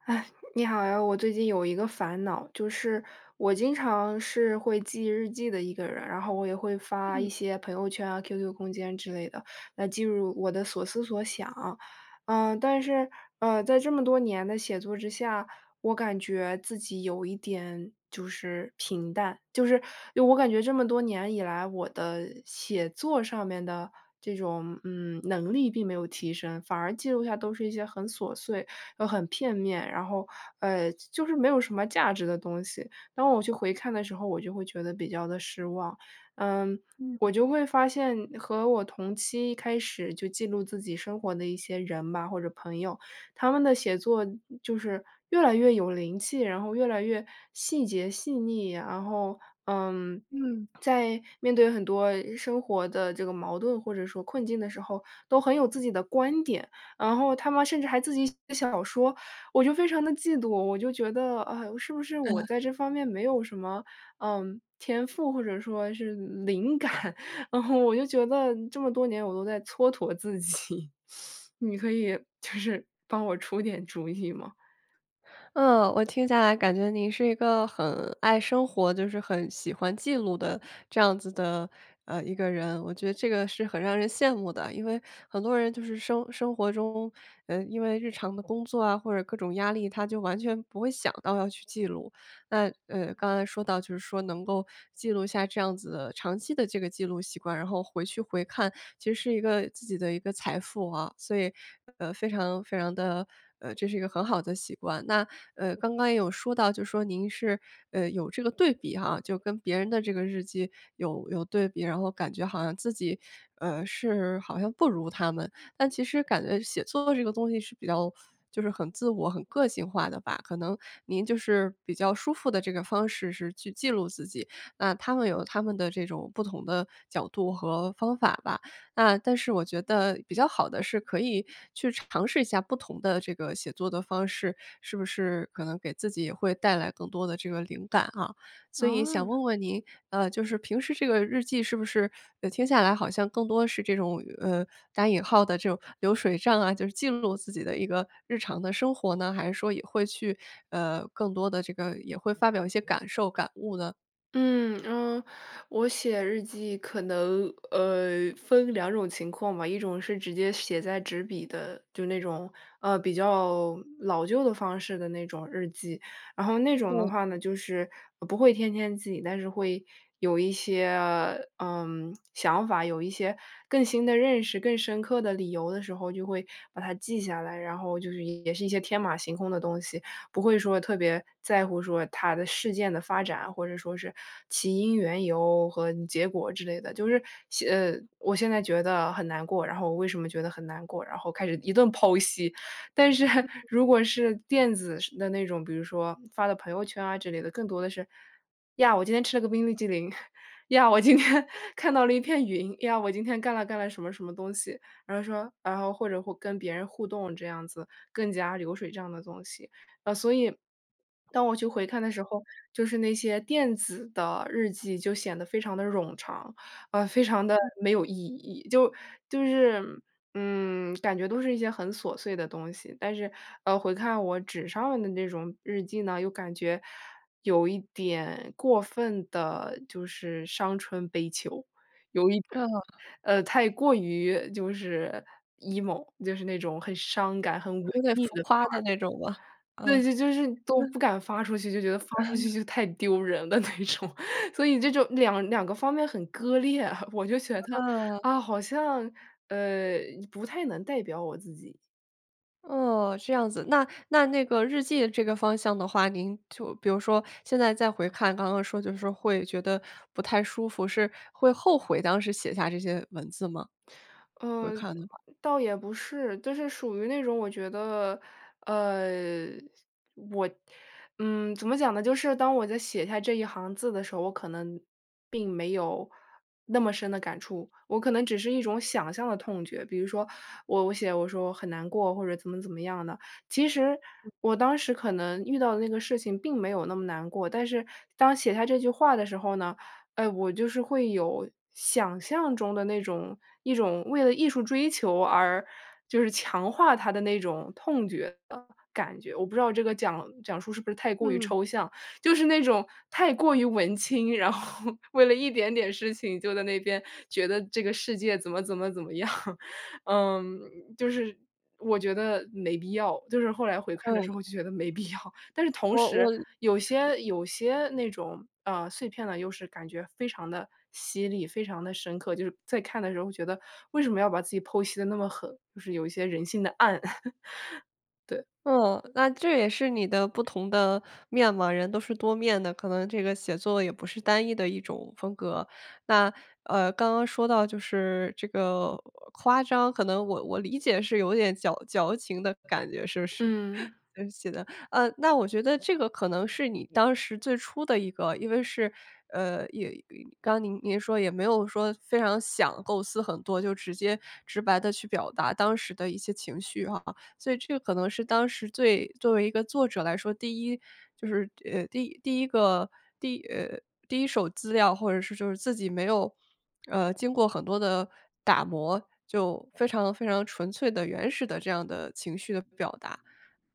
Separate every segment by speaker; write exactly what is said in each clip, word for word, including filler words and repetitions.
Speaker 1: 唉，你好呀，我最近有一个烦恼，就是我经常是会记日记的一个人，然后我也会发一
Speaker 2: 嗯。
Speaker 1: 些朋友圈啊，qq 空间之类的，来记入我的所思所想。嗯，但是，呃，在这么多年的写作之下，我感觉自己有一点就是平淡，就是我感觉这么多年以来，我的写作上面的这种，嗯，能力并没有提升，反而记录下都是一些很琐碎又很片面，然后呃，就是没有什么价值的东西，当我去回看的时候我就会觉得比较地失望。嗯，我
Speaker 2: 嗯。
Speaker 1: 就会发现和我同期一开始就记录自己生活的一些人吧，或者朋友，他们的写作就是越来越有灵气，然后越来越细节、细腻，然后，嗯，
Speaker 2: 嗯。
Speaker 1: 在面对很多生活的这个矛盾或者说困境的时候，都很有自己的观点，然后他们甚至还自己写小说，我就非常地嫉妒。我就觉得，唉，是不是我
Speaker 2: 呃。
Speaker 1: 在这方面没有什么，嗯，天赋，或者说是灵感，然后我就觉得这么多年我都在蹉跎自己，你可以就是，帮我出点主意吗？
Speaker 2: 嗯。我听下来感觉你是一个很爱生活就是很喜欢记录的这样子的，呃，一个人，我觉得这个是很让人羡慕的。因为很多人就是生生活中，呃，因为日常的工作啊或者各种压力，他就完全不会想到要去记录。那，呃，刚才说到就是说能够记录下这样子的长期的这个记录习惯，然后回去回看，其实是一个自己的一个财富啊，所以，呃，非常非常地呃，这是一个很好的习惯。那，呃，刚刚也有说到就说您是，呃，有这个对比哈，就跟别人的这个日记有有对比，然后感觉好像自己，呃，是好像不如他们。但其实感觉写作这个东西是比较就是很自我、很个性化的吧，可能您就是比较舒服的这个方式是去记录自己，那他们有他们的这种不同的角度和方法吧。那但是我觉得比较好的是可以去尝试一下不同的这个写作的方式，是不是可能给自己也会带来更多的这个灵感啊。所以想
Speaker 1: 哦。
Speaker 2: 问问您，呃，就是平时这个日记是不是呃，听下来好像更多是这种，呃，打引号的这种流水账啊，就是记录自己的一个日常的生活呢？还是说也会去呃，更多的这个也会发表一些感受、感悟呢？
Speaker 1: 嗯，嗯，我写日记可能，呃，分两种情况吧，一种是直接写在纸笔的就那种，呃，比较老旧的方式的那种日记。然后那种的
Speaker 2: 嗯。
Speaker 1: 话呢，就是不会天天记，但是会有一些，嗯，想法，有一些更新的认识，更深刻的理由的时候就会把它记下来，然后就是也是一些天马行空的东西，不会说特别在乎说它的事件的发展，或者说是起因、缘由和结果之类的，就是写呃，我现在觉得很难过，然后我为什么觉得很难过，然后开始一顿剖析。但是如果是电子式的那种，比如说发到朋友圈啊之类的，更多的是，“呀，我今天吃了个冰淇淋”，“呀，我今天看到了一片云”，“呀，我今天干了干了什么什么东西”，然后说然后或者会跟别人互动这样子，更加流水这样的东西。呃，所以 当我去回看的时候，就是那些电子的日记就显得非常地冗长，呃，非常地
Speaker 2: 嗯。
Speaker 1: 没有意义，就就是嗯，感觉都是一些很琐碎的东西。但是，呃，回看我纸上的那种日记呢，又感觉有一点过分地就是伤春悲秋，有一
Speaker 2: 呃。
Speaker 1: 呃，太过于就是 emo，就是那种很伤感、很文
Speaker 2: 有点
Speaker 1: 艺
Speaker 2: 浮
Speaker 1: 的
Speaker 2: 夸
Speaker 1: 范
Speaker 2: 的
Speaker 1: 儿。
Speaker 2: 那种吗？啊。
Speaker 1: 对，
Speaker 2: 嗯。
Speaker 1: 就就是都不敢发出去，就觉得发出去 就太丢人了那种，所以这种两两个方面很割裂，我就觉得，
Speaker 2: 嗯。
Speaker 1: 啊，好像呃，不太能代表我自己。
Speaker 2: 哦，这样子，那那那个日记这个方向的话，您就比如说，现在再回看，刚刚说就是说会觉得不太舒服，是会后悔当时写下这些文字吗？回
Speaker 1: 嗯，
Speaker 2: 看
Speaker 1: 呃
Speaker 2: 的话。
Speaker 1: 倒也不是，就是属于那种我觉得，呃，我嗯，怎么讲呢，就是当我在写下这一行字的时候，我可能并没有那么深的感触，我可能只是一种想象的痛觉。比如说我我写我说“我很难过”，或者怎么怎么样的。其实我当时可能遇到的那个事情并没有那么难过，但是当写下这句话的时候呢，哎，我就是会有想象中的那种一种为了艺术追求而就是强化它的那种痛觉的感觉。我不知道这个讲讲述，是不是太过于
Speaker 2: 嗯。
Speaker 1: 抽象。就是那种太过于文青，然后为了一点点事情就在那边觉得这个世界怎么怎么怎么样。嗯，就是，我觉得没必要，就是后来回看的时
Speaker 2: 嗯。
Speaker 1: 候就觉得没必要，但是同
Speaker 2: 我
Speaker 1: 时
Speaker 2: 我
Speaker 1: 有些有些那种啊，碎片呢，又是感觉非常地犀利、非常地深刻，就是在看的时候觉得，为什么要把自己剖析得那么狠，就是有一些人性的暗。对。
Speaker 2: 嗯，那这也是你的不同的面貌。人都是多面的，可能这个写作也不是单一的一种风格。那，呃，刚刚说到就是这个夸张，可能我我理解是有点矫矫情的感觉，是不是？
Speaker 1: 嗯。
Speaker 2: 嗯写的呃，那我觉得这个可能是你当时最初的一个因为是呃，也也刚您您说也没有说非常想构思很多，就直接直白地去表达当时的一些情绪哈。所以这可能是当时最作为一个作者来说，第一就是，呃，第第一个第呃，第一手资料，或者是就是自己没有，呃，经过很多的打磨，就非常非常纯粹的、原始的这样的情绪的表达。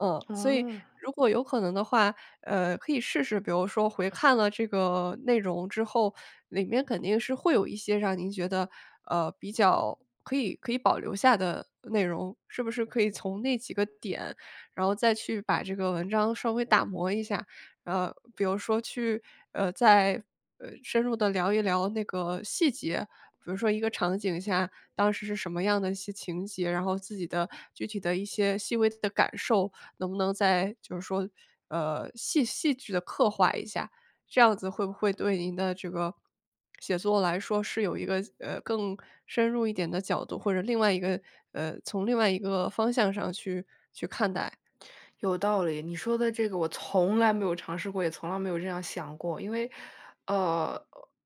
Speaker 2: 嗯，所以
Speaker 1: 哦。
Speaker 2: 如果有可能的话，呃，可以试试比如说回看了这个内容之后，里面肯定是会有一些让您觉得，呃，比较可以可以保留下的内容。是不是可以从那几个点，然后再去把这个文章稍微打磨一下。呃，比如说去呃，再呃，深入地聊一聊那个细节，比如说一个场景下，当时是什么样的一些情节，然后自己的具体的一些细微的感受，能不能再就是说，呃，戏戏剧地刻画一下。这样子会不会对您的这个 写作来说是有一个，呃，更深入一点的角度，或者另外一个呃，从另外一个方向上去去看待。
Speaker 1: 有道理，你说的这个我从来没有尝试过，也从来没有这样想过。因为，呃，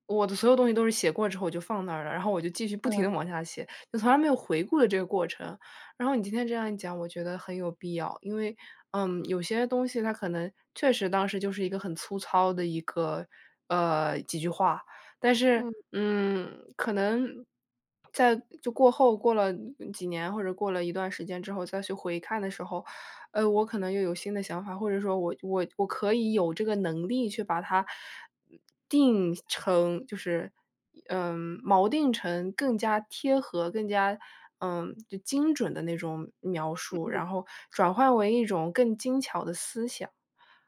Speaker 1: 我的所有东西都是写过之后，我就放那儿了，然后我就继续不停
Speaker 2: 嗯。
Speaker 1: 地往下写。就从来没有回顾的这个过程，然后你今天这样一讲，我觉得很有必要。因为，嗯，有些东西，它可能确实当时就是一个很粗糙的一个呃，几句话。但是，
Speaker 2: 嗯。
Speaker 1: 嗯，可能在就过后过了几年，或者过了一段时间之后，再去回看的时候，呃，我可能又有新的想法，或者说我我我可以有这个能力，去把它，呃，定成就是，一嗯，锚定成更加贴合，更加嗯，精准的那种描述，
Speaker 2: 嗯。
Speaker 1: 然后转化为一种更精巧的思想。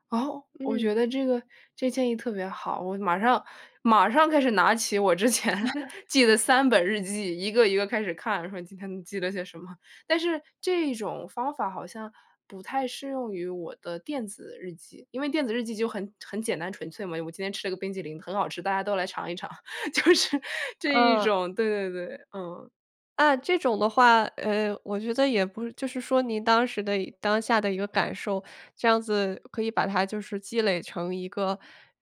Speaker 1: 哦，我觉
Speaker 2: 嗯。
Speaker 1: 得这个这建议特别好，我马上马上开始拿起我之前 记的三本日记，一个一个开始看，说今天记了些什么。但是这一种方法好像不太适用于我的电子日记，因为电子日记就很很简单纯粹嘛，“我今天吃了个冰淇淋很好吃，大家都来尝一尝”，就是这一
Speaker 2: 啊。
Speaker 1: 种对对对，嗯。
Speaker 2: 嗯，这种的话呃，我觉得也不是就是说您当时的当下的一个感受，这样子可以把它就是积累成一个，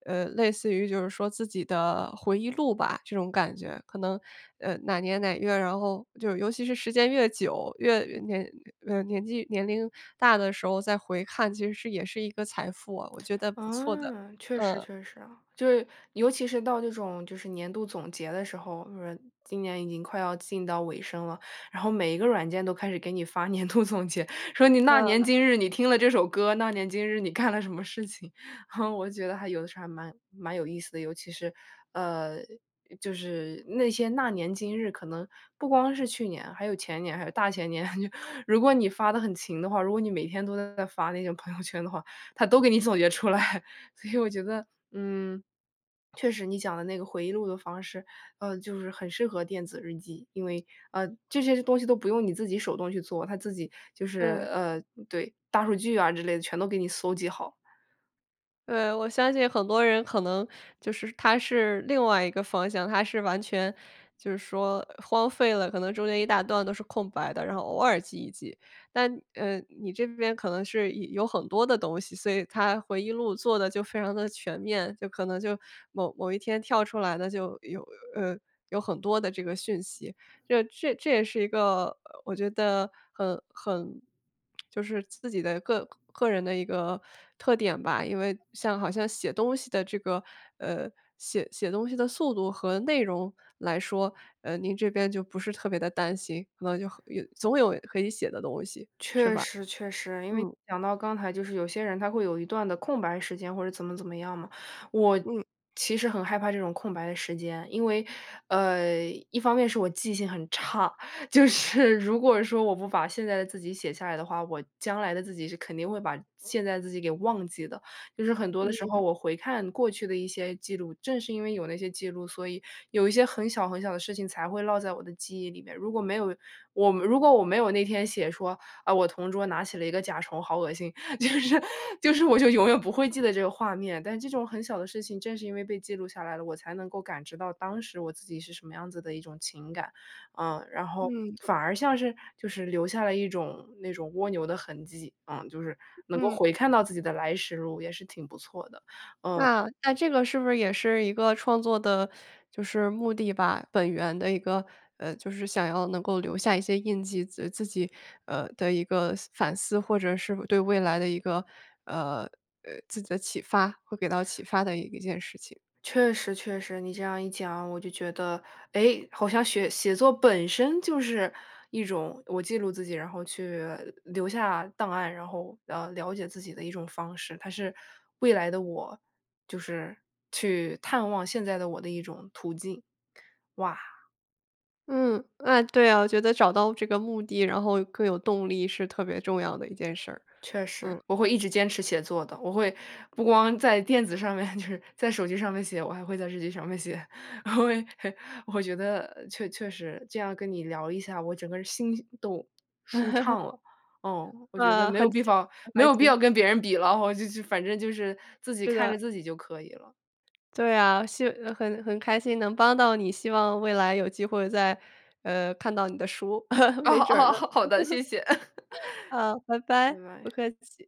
Speaker 2: 呃，类似于就是说自己的回忆录吧，这种感觉。可能，呃，哪年哪月儿，然后就是尤其是时间越久，越年呃，年纪年龄大的时候再回看其实也是一个财富啊，我觉得不错的。
Speaker 1: 啊，确实
Speaker 2: 嗯。
Speaker 1: 确实啊，就是尤其是到这种就是年度总结的时候，今年已经快要进到尾声了，然后每一个软件都开始给你发年度总结，说你那年
Speaker 2: 嗯。
Speaker 1: 今日你听了这首歌，那年今日你干了什么事情，我就觉得还有的时候还蛮蛮有意思的。尤其是呃，就是那些"那年今日"可能不光是去年，还有前年，还有大前年。如果你发得很勤的话，如果你每天都在发那个朋友圈的话，它都给你总结出来。所以我觉得嗯，确实你讲的那个回忆录的方式，呃，就是很适合电子日记，因为，呃，这些东西都不用你自己手动去做，它自己就是，
Speaker 2: 对。
Speaker 1: 呃对，大数据啊之类的，全都给你搜集好。
Speaker 2: 呃，我相信很多人可能就是他是另外一个方向，他是完全就是说荒废了，可能中间一大段都是空白的，然后偶尔记一记。但呃，你这边可能是有有很多的东西，所以它回忆录做得就非常地全面，就可能就某某一天跳出来的就有呃，有很多的这个讯息。这这这也是一个，呃，我觉得很很 就是自己的个个人的一个特点吧，因为像好像写东西的这个呃，写写东西的速度和内容来说，呃，您这边就不是特别地担心，可能就和有总有可以写的东西，是
Speaker 1: 确
Speaker 2: 吧？
Speaker 1: 实确实，因为
Speaker 2: 嗯。
Speaker 1: 讲到刚才就是有些人他会有一段的空白时间或者怎么怎么样嘛。我
Speaker 2: 嗯。
Speaker 1: 其实很害怕这种空白的时间，因为，呃，一方面是我记性很差，就是如果说我不把现在的自己写下来的话，我将来的自己是肯定会把现在的自己给忘记的。就是很多的时候
Speaker 2: 嗯。
Speaker 1: 我回看过去的一些记录，正是因为有那些记录，所以有一些很小很小的事情，才会落在我的记忆里面。如果没有我如果我没有那天写说，“啊，我同桌拿起了一个甲虫，好恶心”，就是就是我就永远不会记得这个画面。但这种很小的事情正是因为被记录下来了，我才能够感知到当时我自己是什么样子的一种情感。嗯，然后，
Speaker 2: 嗯。
Speaker 1: 反而像是就是留下了一种那种蜗牛的痕迹，嗯，就是能够
Speaker 2: 嗯。
Speaker 1: 回看到自己的来时路也是挺不错的。嗯。
Speaker 2: 那那这个是不是也是一个创作的就是目的吧，本源的一个，呃，就是想要能够留下一些印记，自呃，自己，呃的一个思反思，或者是对未来的一个呃呃，自己的启发会给到启发的一件事情。
Speaker 1: 确实确实，你这样一讲，我就觉得，诶，好像雪写作本身就是一种我记录自己，然后去留下档案，然后，呃，了解自己的一种方式。它是未来的我就是去探望现在的我的一种途径。哇！
Speaker 2: 嗯。万对啊，我觉得找到这个目的，然后更有动力是特别重要的一件事儿。
Speaker 1: 确实。
Speaker 2: 嗯。
Speaker 1: 我会一直坚持写作的，我会不光在电子上面就是在手机上面写，我还会在日记上面写。我觉得确确实，这样跟你聊一下，我整个心都，舒 畅了。嗯，我觉得
Speaker 2: 啊，
Speaker 1: 没有
Speaker 2: 很
Speaker 1: 必
Speaker 2: 幸
Speaker 1: 方
Speaker 2: 很
Speaker 1: 没
Speaker 2: 开
Speaker 1: 有必要
Speaker 2: 心。
Speaker 1: 跟别人比了，哦，就就反正就是自己
Speaker 2: 是
Speaker 1: 看着
Speaker 2: 的。
Speaker 1: 自己就可以了。
Speaker 2: 对啊。谢呃，很很开心能帮到你，希望未来有机会再呃，看到你的书，
Speaker 1: 哦
Speaker 2: 没准儿呢。
Speaker 1: 哦。好好的，谢谢。
Speaker 2: 好，拜
Speaker 1: 拜
Speaker 2: 拜，不
Speaker 1: 拜。
Speaker 2: 客气。